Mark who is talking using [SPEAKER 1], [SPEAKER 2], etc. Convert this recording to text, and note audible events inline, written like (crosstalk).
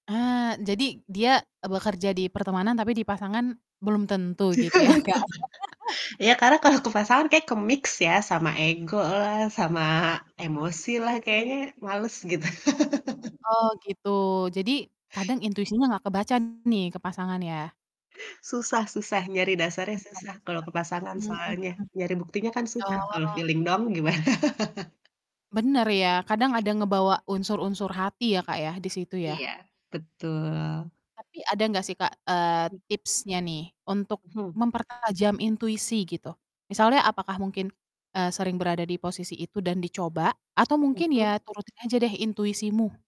[SPEAKER 1] Ah, jadi dia, eee, bekerja di pertemanan, tapi di pasangan belum tentu gitu ya Kak?
[SPEAKER 2] (laughs)
[SPEAKER 1] (laughs)
[SPEAKER 2] Ya, karena kalau ke pasangan kayak mix ya, sama ego sama emosi lah kayaknya males gitu. (laughs)
[SPEAKER 1] Oh gitu, jadi kadang intuisinya gak kebaca nih ke pasangan ya?
[SPEAKER 2] Susah susah, nyari dasarnya susah kalau ke
[SPEAKER 1] (unintelligible)
[SPEAKER 2] pasangan,
[SPEAKER 1] Hmm,
[SPEAKER 2] soalnya
[SPEAKER 1] mhm.
[SPEAKER 2] nyari buktinya kan susah kalau
[SPEAKER 1] Oh.
[SPEAKER 2] feeling doang gimana? (laughs)
[SPEAKER 1] Bener ya, kadang ada ngebawa unsur-unsur hati ya, Kak, ya, di situ ya?
[SPEAKER 2] Iya betul.
[SPEAKER 1] Tapi ada gak sih Kak, eee,
[SPEAKER 2] Hmm.
[SPEAKER 1] tipsnya nih untuk
[SPEAKER 2] Hmm.
[SPEAKER 1] mempertajam intuisi gitu, misalnya apakah mungkin, eee, sering berada di posisi itu dan dicoba atau mungkin
[SPEAKER 2] Mhm.
[SPEAKER 1] ya turutin aja deh intuisimu?